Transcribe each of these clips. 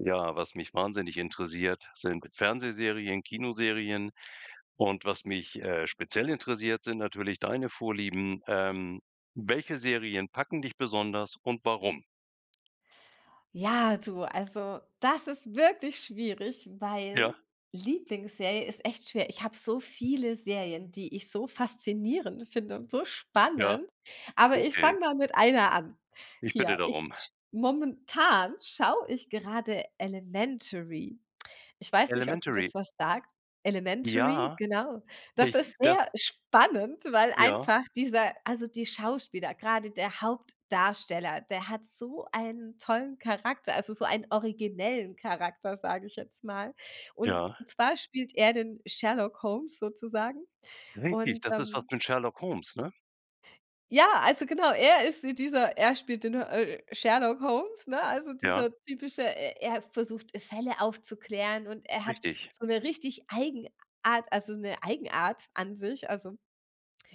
Ja, was mich wahnsinnig interessiert sind Fernsehserien, Kinoserien. Und was mich, äh, speziell interessiert, sind natürlich deine Vorlieben. Ähm, welche Serien packen dich besonders und warum? Ja, so, also, das ist wirklich schwierig, Ja. weil Lieblingsserie ist echt schwer. Ich habe so viele Serien, die ich so faszinierend finde und so Ja. spannend. Aber ich Okay. fange mal mit einer an. Ich bitte Hier, ich darum. sch momentan schaue ich gerade Elementary. Ich weiß nicht, ob dir das Elementary. was sagt. Elementary, Ja, genau das ich ist das sehr spannend, weil Ja. einfach dieser, also, die Schauspieler, grade der Hauptdarsteller, der hat so einen tollen Charakter, also, so einen originellen Charakter, sage ich jetzt mal. Und Ja. zwar spielt er den Sherlock Holmes sozusagen Richtig, und, das ist was ähm mit Sherlock Holmes, ne? ja, also, genau, er ist wie dieser er spielt den, äh, Sherlock Holmes, ne, also, Ja. dieser typische, e er versucht Fälle aufzuklären und er hat Richtig. so 'ne richtig Eigenart also, 'ne Eigenart an sich. Also,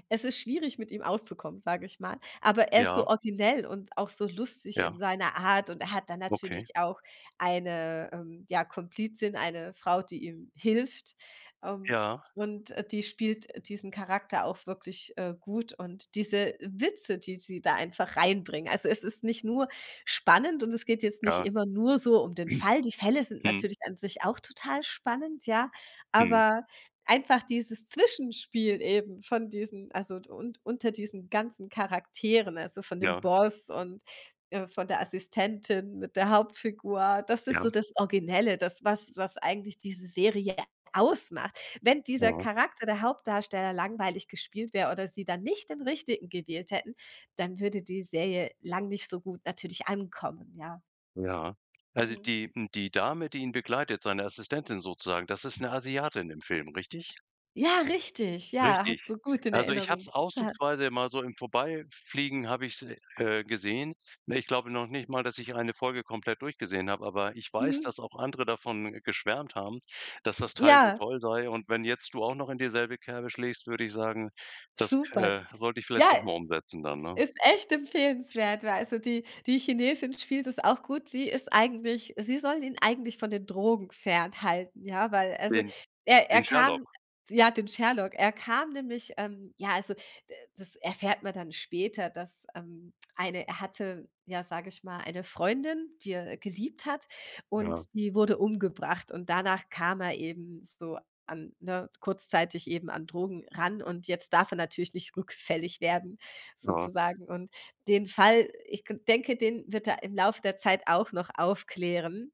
es ist schwierig mit ihm auszukommen, sage ich mal. Aber er ist so Ja. originell und auch so lustig in Ja. seiner Art und er hat dann Okay. natürlich auch eine, ähm, ja Komplizin, eine Frau, die ihm hilft, ähm, Ja. und die spielt diesen Charakter auch wirklich, äh, gut und diese Witze, die sie da einfach reinbringen. Also, es ist nicht nur spannend und es geht jetzt nicht Ja. immer nur so um den Fall. Die Fälle sind Mhm. natürlich an sich auch total spannend, ja, Mhm. aber einfach dieses Zwischenspiel eben von diesen, also und unter diesen ganzen Charakteren, also, von dem Ja. Boss und, äh, von der Assistentin mit der Hauptfigur, das ist Ja. so das Originelle, das was was eigentlich diese Serie ausmacht. Wenn dieser Mhm. Charakter, der Hauptdarsteller, langweilig gespielt wäre oder sie dann nicht den Richtigen gewählt hätten, dann würde die Serie lang nicht so gut natürlich ankommen, ja. Ja. Also, Mhm. die m die Dame, die ihn begleitet, seine Assistentin sozusagen, das ist 'ne Asiatin im Film, richtig? Ja, richtig, ja, Richtig. hast du gut in Also, ich habe Erinnerung. es [unintelligible] auszugsweise immer so im Vorbeifliegen habe ich es, äh, gesehen. Ne, ich glaube noch nicht mal, dass ich eine Folge komplett durchgesehen habe, aber ich weiß, Mhm. dass auch andere davon geschwärmt haben, dass das Teil so Ja. toll sei. Und wenn jetzt du auch noch in dieselbe Kerbe schlägst, würde ich sagen, das, Super. äh, sollte ich vielleicht Ja, doch mal umsetzen dann, ne? ist echt empfehlenswert, weil also, die die Chinesin spielt das auch gut. Sie ist eigentlich sie soll ihn eigentlich von den Drogen fernhalten, ja, weil also, Den er er den kam Sherlock? ja den Sherlock, er kam nämlich ähm, ja, also d das erfährt man dann später, dass, ähm, eine er hatte ja, sage ich mal, eine Freundin, die er geliebt hat Ja. und die wurde umgebracht und danach kam er eben so an, ne, kurzzeitig eben an Drogen ran und jetzt darf er natürlich nicht rückfällig werden Ja. sozusagen. Und den Fall, ich denke, den wird er im Lauf der Zeit auch noch aufklären.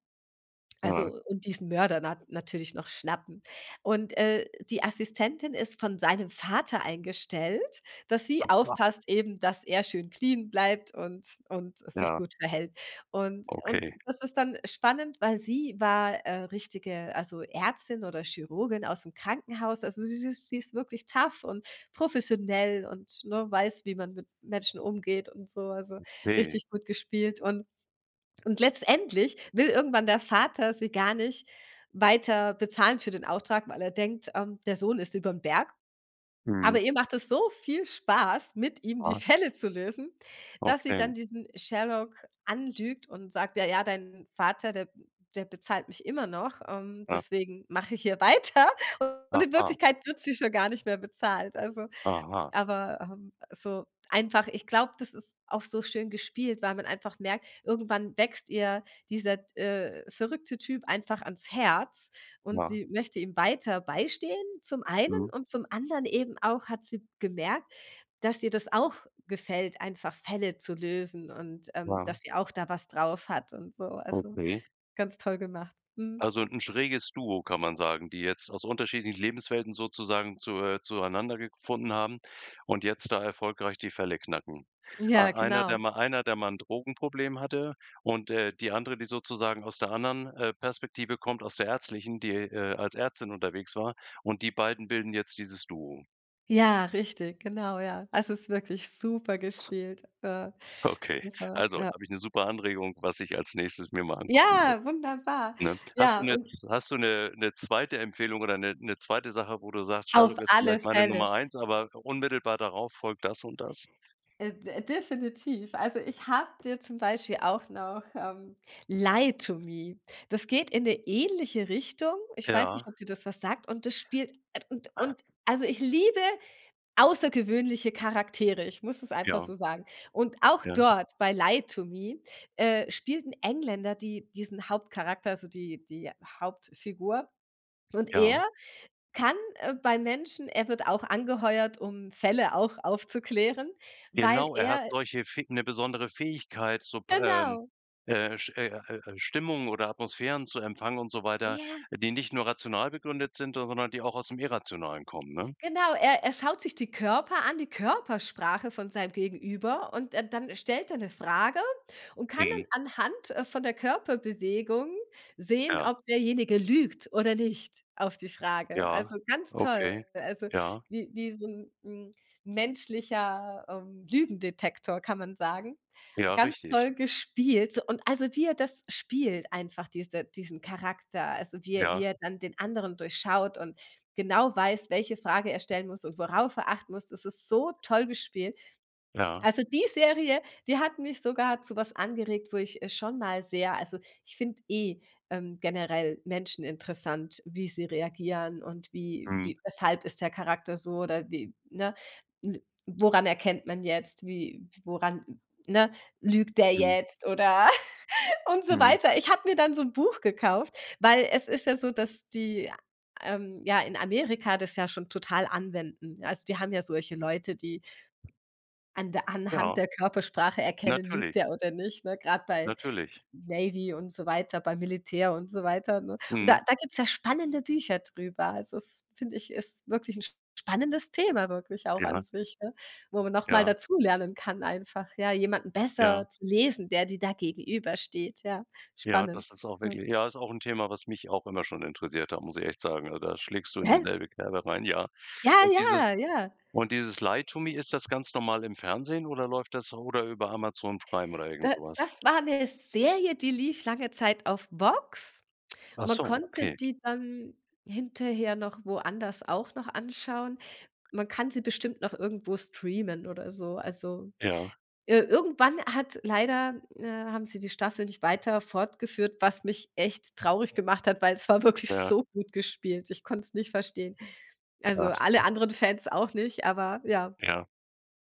Ja. Also und diesen Mörder na natürlich noch schnappen. Und, äh, die Assistentin ist von seinem Vater eingestellt, dass sie aufpasst eben, dass er schön clean bleibt und und es sich Ja. gut verhält. Und und Okay. das ist dann spannend, weil sie war, äh, richtige also Ärztin oder Chirurgin ausm Krankenhaus. Also, sie sie sie ist wirklich tough und professionell und, ne, weiß, wie man mit Menschen umgeht und so. Also, Okay. richtig gut gespielt und und letztendlich will irgendwann der Vater sie gar nicht weiter bezahlen für den Auftrag, weil er denkt, ähm, der Sohn ist überm Berg. Mhm. Aber ihr macht es so viel Spaß mit ihm die Ja. Fälle zu lösen, dass sie dann Okay. diesen Sherlock anlügt und sagt: „Ja, ja dein Vater, der der bezahlt mich immer noch, ähm, Ja. deswegen mache ich hier weiter“ und in Aha. Wirklichkeit wird sie schon gar nicht mehr bezahlt. Also Aha. aber, ähm, so einfach ich glaube, das ist auch so schön gespielt, weil man einfach merkt irgendwann wächst ihr dieser d äh, verrückte Typ einfach ans Herz und Ja. sie möchte ihm weiter beistehen zum einen Mhm. und zum anderen eben auch hat sie gemerkt, dass ihr das auch gefällt einfach Fälle zu lösen und, ähm, Ja. dass sie auch da was drauf hat und so, also, Okay. ganz toll gemacht. Mhm. Also 'n schräges Duo, kann man sagen, die jetzt aus unterschiedlichen Lebenswelten sozusagen zu äh, zueinandergefunden haben und jetzt da erfolgreich die Fälle knacken. Ja, Ei einer genau. der mal einer der mal 'n Drogenproblem hatte und, äh, die andere, die sozusagen aus der anderen, äh, Perspektive kommt, aus der ärztlichen die, äh, als Ärztin unterwegs war und die beiden bilden jetzt dieses Duo. Ja, richtig, genau, ja. Es ist wirklich super gespielt, äh, Okay. super, Also, ja. habe ich 'ne super Anregung, was ich als Nächstes mir mal angucken muss, Ja, wunderbar. ne? Hast du Ja, 'ne und hast du 'ne 'ne 2. Empfehlung oder 'ne 'ne 2. Sache, wo du sagst: Auf „‚Sherlock‘ ist alle vielleicht meine Fälle. Nummer 1 aber unmittelbar darauf folgt das und das?" Äh, d definitiv. Also, ich habe dir zum Beispiel auch noch ähm, „Lie to Me“. Das geht in 'ne ähnliche Richtung. Ich weiß nicht, Ja. ob dir das was sagt und das spielt at und und also ich liebe außergewöhnliche Charaktere. Ich muss es einfach so Ja. sagen. Und auch Ja. dort, bei „Lie to Me“, äh, spielt 'n Engländer die diesen Hauptcharakter, also die die Hauptfigur und Ja. er kann, äh, bei Menschen er wird auch angeheuert, um Fälle auch aufzuklären, weil Genau, er hat er solche Fäg 'ne besondere Fähigkeit, so p ähm, Genau. äh, Sch äh, äh, Stimmungen oder Atmosphären zu empfangen und so weiter, Ja. die nicht nur rational begründet sind, sondern die auch aus dem Irrationalen kommen, ne? Genau, er er schaut sich die Körper an die Körpersprache von seinem Gegenüber und, äh, dann stellt er 'ne Frage und kann Mhm. dann anhand, äh, von der Körperbewegung sehen, Ja. ob derjenige lügt oder nicht, auf die Frage. Also, Ja, ganz toll, okay, also, ja. wie wie so 'n, ähm, menschlicher, ähm, Lügendetektor kann man sagen. Ja, Ganz richtig. toll gespielt und also, wie er das spielt einfach, diese diesen Charakter, also, wie er wie Ja. er dann den anderen durchschaut und genau weiß, welche Frage er stellen muss und worauf er achten muss. Das ist so toll gespielt. Ja. Also die Serie, die hat mich sogar zu was angeregt, wo ich, äh, schon mal sehr also, ich finde eh, ähm, generell Menschen interessant, wie sie reagieren und wie Mhm. wie weshalb ist der Charakter so oder wie ne? N woran erkennt man jetzt wie woran ne? Lügt der Mhm. jetzt oder und so Mhm. weiter. Ich habe mir dann so 'n Buch gekauft, weil es ist ja so, dass die, ähm, ja in Amerika das ja schon total anwenden. Also, die haben ja solche Leute, die an der anhand Ja. der Körpersprache erkennen, lügt Natürlich. der oder nicht, ne? Grade bei Natürlich. Navy und so weiter. Beim Militär und so weiter, ne? Und Mhm. da da gibt's ja spannende Bücher drüber. Also, das finde ich ist wirklich 'n sp spannendes Thema wirklich auch an Ja. sich, ne, wo man noch mal Ja. dazulernen kann einfach, ja, jemanden Ja. besser zu lesen, der dir da gegenübersteht, ja, Ja, spannend, das ist auch ja. wirklich ja, ist auch 'n Thema, was mich auch immer schon interessiert hat, muss ich echt sagen. Ah, da schlägst du in Hä? dieselbe Kerbe rein, ja. Ja, Und diese ja, ja. und dieses „Lie to Me“, ist das ganz normal im Fernsehen oder läuft das oder über Amazon Prime oder irgend Da so was? das war 'ne Serie, die lief lange Zeit auf VOX. Man Achso, konnte okay. die dann hinterher noch woanders auch noch anschauen. Man kann sie bestimmt noch irgendwo streamen oder so. Also, Ja. ir irgendwann hat leider äh, haben sie die Staffel nicht weiter fortgeführt, was mich echt traurig gemacht hat, weil es war wirklich Ja. so gut gespielt. Ich konnte es nicht verstehen. Da Also, has alle anderen Fans auch nicht, aber ja. Ja.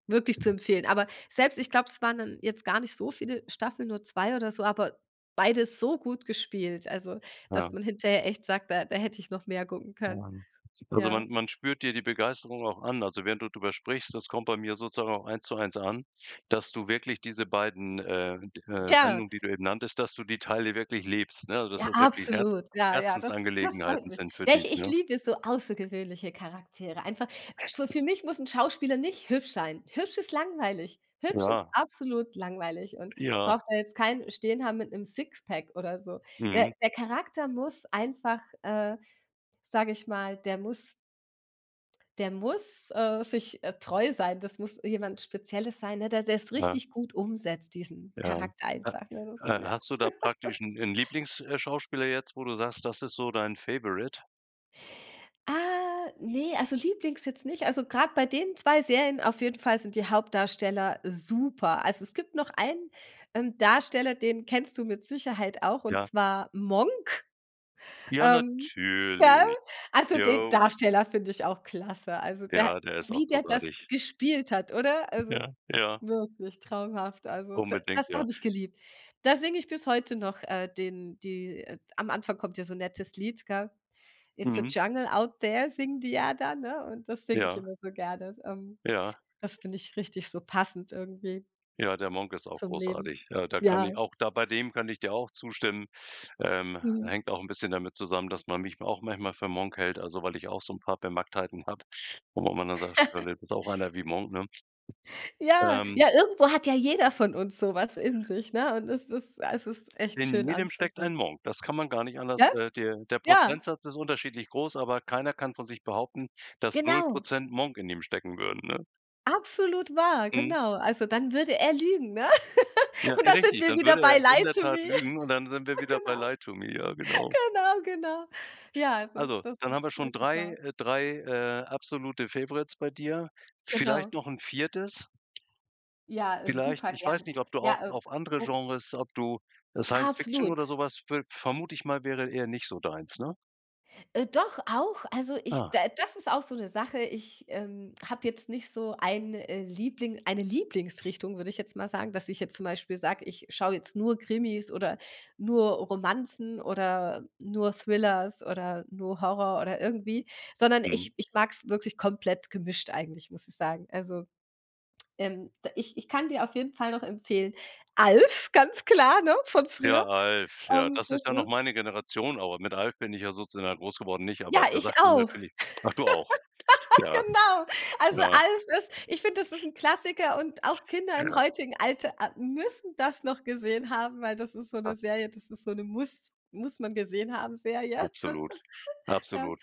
Wirklich zu empfehlen. Aber selbst ich glaube, es waren dann jetzt gar nicht so viele Staffeln, nur 2 oder so, aber beide so gut gespielt, also Ja. dass man hinterher echt sagt: „Da da hätte ich noch mehr gucken können." [unintelligible] Also Ja. man man spürt dir die Begeisterung auch an. Also, während du drüber sprichst, das kommt bei mir sozusagen auch eins zu eins an, dass du wirklich diese beiden, äh, d äh, Ja. Sendungen, die du eben nanntest, dass du die Teile wirklich lebst, ne, dass Ja, das wirklich Herz absolut. Ja, ja, das das freut Herzensangelegenheiten mich. sind für Ja, dich, ich ich ne? liebe so außergewöhnliche Charaktere. Einfach fü für Bestens. mich muss 'n Schauspieler nicht hübsch sein. Hübsch ist langweilig, hübsch ist Ja. absolut langweilig und Ja. braucht da jetzt keinen stehen haben mit 'nem Sixpack oder so. Mhm. Der der Charakter muss einfach äh, sage ich mal, der muss der muss, äh, sich, äh, treu sein. Das muss jemand Spezielles sein, ne, der der's Ja. richtig gut umsetzt, diesen Ja, Charakter äh, einfach, ne, so, äh, ja. hast du da praktisch 'n 'n Lieblings äh, Schauspieler jetzt, wo du sagst, das ist so dein Favourite Ah, ne, also, lieblings jetzt nicht also, grad bei den 2 Serien auf jeden Fall sind die Hauptdarsteller super. Also, es gibt noch einen, ähm, Darsteller, den kennst du mit Sicherheit auch und Ja. zwar „Monk“, Ja, ähm, [unintelligible] natürlich. also, den Jo. Darsteller finde ich auch klasse. Also, der Ja, der ist auch wie der das großartig. gespielt hat oder? Also, Ja. Ja. wirklich traumhaft. Also, d Unbedingt, das ja. habe ich geliebt. Da singe ich bis heute noch, äh, den die, äh am Anfang kommt ja so nettes Lied, gell? "Its a Mhm. jungle out there" singen die ja dann, ne? Und das singe ich Ja. immer so gerne. Ähm, Ja. das finde ich richtig so passend irgendwie. Ja, der „Monk“ ist auch Zum Leben. großartig. Ja, da kann Ja. ich auch da bei dem kann ich dir auch zustimmen. Ähm, Mhm. hängt auch 'n bisschen damit zusammen, dass man mich auch manchmal für „Monk“ hält, also, weil ich auch so 'n paar Bemacktheiten habe, wo man dann sagt, das ist [unintelligible] einer wie „Monk“, ne? Ja, Ähm ja, irgendwo hat ja jeder von uns so was in sich, ne? Und es ist es ist echt In schön jedem steckt ein anzusehen. Monk. Das kann man gar nicht anders Gell? äh, der der Ja. Prozentsatz ist unterschiedlich groß, aber keiner kann von sich behaupten, dass null Genau. Prozent Monk in ihm stecken würden, ne? Absolut wahr, Mhm. genau. Also, dann würde er lügen, ne? Ja, Und da sind richtig, wir dann wieder würde er bei ja in „Lie der To Tat Me“. lügen und dann sind wir Ja, wieder bei genau. „Lie To Me“. Ja, genau. Genau, genau. Ja, es Also, ist das dann haben wir ist schon wirklich 3, wahr. äh, 3, äh, absolute Favorites bei dir. Vielleicht Genau. noch 'n 4.? Ja, äh, Vielleicht super ich weiß gerne. nicht, ob du auch Ja, äh, auf andere o Genres ob du, äh, Science Fiction oder Absolut. sowas viel vermute ich mal wäre eher nicht so deins, ne? Äh, doch auch, also, ich d Ah. das ist auch so 'ne Sache, ich, ähm, habe jetzt nicht so ein, äh, Liebling eine Lieblingsrichtung würde ich jetzt mal sagen, dass ich jetzt zum Beispiel sage: „Ich schaue jetzt nur Krimis oder nur Romanzen oder nur Thrillers oder nur Horror oder irgendwie“, sondern Mhm. ich ich mag's wirklich komplett gemischt eigentlich muss ich sagen. Also, ähm, ich ich kann dir auf jeden Fall noch empfehlen, „Alf“, ganz klar, ne? Von Ja, früher, „Alf“. Ja, ähm, das ist das ja noch ist meine Generation aber, mit „Alf“ bin ich ja sozusagen groß geworden, nicht? Ja, Aber der ich sagt mir auch. natürlich ach du auch. Ja. Genau. Also, Ja. „Alf“ ist ich finde, das ist 'n Klassiker und auch Kinder im Ja. heutigen Alter a müssen das noch gesehen haben, weil das ist so 'ne Ja. Serie, das ist so 'ne muss muss man gesehen haben Serie. Absolut, Ja. absolut.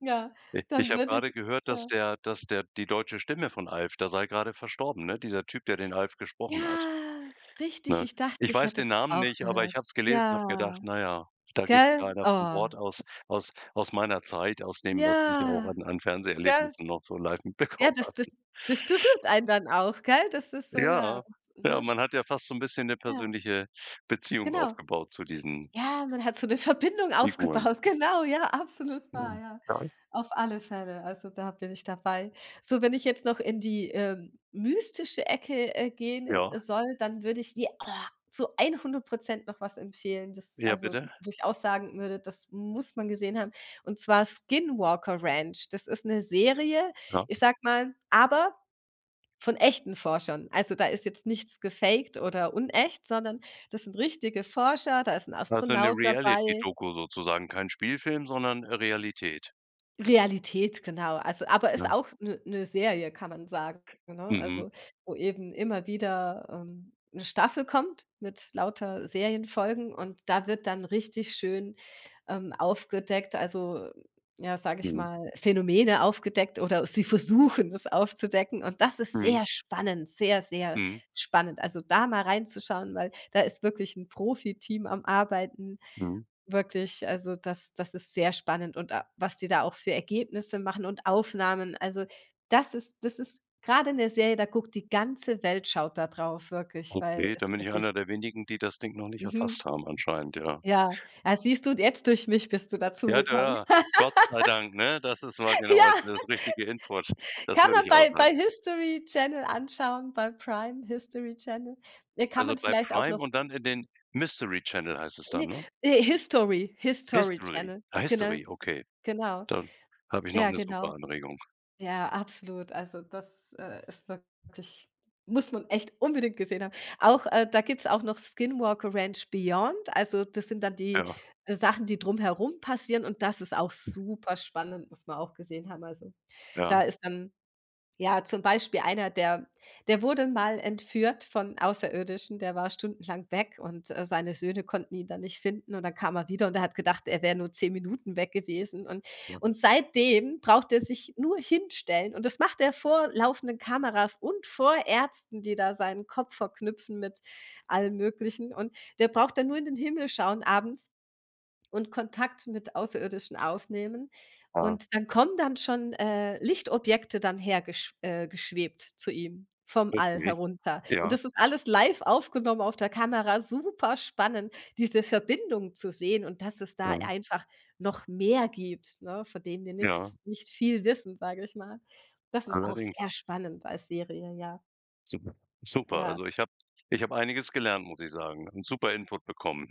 Ja, Ich ich dann habe würde gerade ich, gehört, dass ja der dass der die deutsche Stimme von „Alf“, der sei gerade verstorben, ne? Dieser Typ, der den „Alf“ gesprochen hat, Ja, richtig, ne? ich dachte, Ich ich weiß hätte den das Namen auch nicht, aber ich gehört. hab's gelesen und habe gedacht: Ja, „Na ja, da geht gell? wieder einer von Oh. Bord aus aus aus meiner Zeit, aus dem, was ich auch Ja, an an gell? Fernseherlebnissen noch so live Ja, mitbekommen das habe“ das das berührt einen dann auch, gell? Das ist so, ja,, Ja. [unintelligible] Ja, ne? man hat ja fast so 'n bisschen 'ne Ja. persönliche Beziehung Genau. aufgebaut zu diesen Ja, man hat so 'ne Verbindung Figuren. aufgebaut. Genau, ja, absolut wahr, ja. [unintelligible] Auf alle Fälle. Also, da bin ich dabei. So, wenn ich jetzt noch in die, ähm, mystische Ecke, äh, gehen, äh, Ja. soll, dann würde ich dir, oh zu 100 % noch was empfehlen. Das Ja also, bitte. wo ich auch sagen würde, das muss man gesehen haben und zwar „Skinwalker Ranch“. Das ist 'ne Serie, Ja. ich sage mal aber von echten Forschern. Also, da ist jetzt nichts gefakt oder unecht, sondern das sind richtige Forscher, da ist 'n Also, 'ne Astronaut dabei Reality-Doku sozusagen, kein Spielfilm, sondern Realität. Realität genau, also aber ist Ja. auch 'ne 'ne Serie kann man sagen, ne? Mhm. Also, wo eben immer wieder, ähm, 'ne Staffel kommt mit lauter Serienfolgen und da wird dann richtig schön, ähm, aufgedeckt also, ja sage ich Ja. mal Phänomene aufgedeckt oder sie versuchen es aufzudecken und das ist Mhm. sehr spannend sehr, sehr Mhm. spannend. Also, da mal reinzuschauen weil da ist wirklich 'n Profiteam am Arbeiten Mhm. wirklich, also, das das ist sehr spannend und a was die da auch für Ergebnisse machen und Aufnahmen. Also, das ist das ist grade in der Serie, da guckt die ganze Welt schaut da drauf wirklich, weil Okay, es dann bin ich wirklich einer der wenigen, die das Ding noch nicht Mhm. erfasst haben anscheinend, ja. Ja. Ah, siehst du und jetzt durch mich bist du Ja, dazugekommen. da Gott sei Dank, ne? Das ist mal genau, Ja. also, das richtige Input, das Kann würde man ich auch bei sagen. bei HISTORY Channel anschauen, bei Prime HISTORY Channel. Äh, kann Also, man bei vielleicht auch noch Prime und dann in den Mystery Channel heißt es dann, Ne. ne? Äh, HISTORY HISTORY HISTORY? Channel, Ah, genau. HISTORY. Okay. Genau. Dann habe ich noch Ja, 'ne genau. super Anregung. Ja, absolut. Also, das, äh, ist wirklich muss man echt unbedingt gesehen haben. Auch, äh da gibt's auch noch „Skinwalker Ranch Beyond“. Also, das sind dann die, Ja. äh, Sachen, die drumherum passieren und das ist auch superspannend, muss man auch gesehen haben. Also, da Ja. ist dann, ja zum Beispiel einer, der der wurde mal entführt von Außerirdischen, der war stundenlang weg und, äh, seine Söhne konnten ihn dann nicht finden und dann kam er wieder und er hat gedacht, er wär nur 10 Minuten weg gewesen und Ja. und seitdem braucht er sich nur hinstellen und das macht er vor laufenden Kameras und vor Ärzten, die da seinen Kopf verknüpfen mit allem Möglichen und der braucht dann nur in den Himmel schauen abends und Kontakt mit Außerirdischen aufnehmen Ja. und dann kommen dann schon, äh, Lichtobjekte dann hergesch äh, geschwebt zu ihm vom All Richtig. herunter und Ja. das ist alles live aufgenommen auf der Kamera. Superspannend diese Verbindung zu sehen und dass es da Ja. einfach noch mehr gibt, ne? Von dem wir Ja. nix nicht viel wissen, sage ich mal. Das ist auch Allerdings. sehr spannend als Serie, ja. Super super. Ja. Also, ich habe ich habe einiges gelernt, muss ich sagen. Und super Input bekommen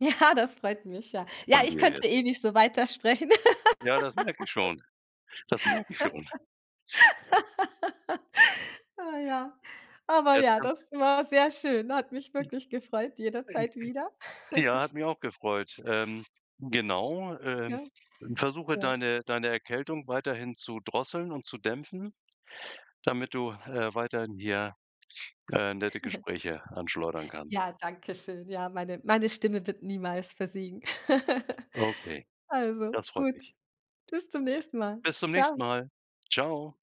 Ja, das freut mich, ja. Ja, von ich dir jetzt. könnte ewig so weitersprechen. Ja, das merke ich schon. Das merke schon. Ah, ja. Aber Jetzt ja, kannst das war sehr schön. Hat mich wirklich gefreut, jederzeit wieder. [unintelligible] .Ja, hat mich auch gefreut. Ähm, genau. Äh, Gell, versuche ja. deine deine Erkältung weiterhin zu drosseln und zu dämpfen, damit du, äh, weiterhin hier, äh, nette Gespräche anschleudern kannst. Ja, Dankeschön, ja meine meine Stimme wird niemals versiegen. Okay, Also, das freut gut, mich. bis zum nächsten Mal. Bis zum nächsten Tschau. Mal. Tschau.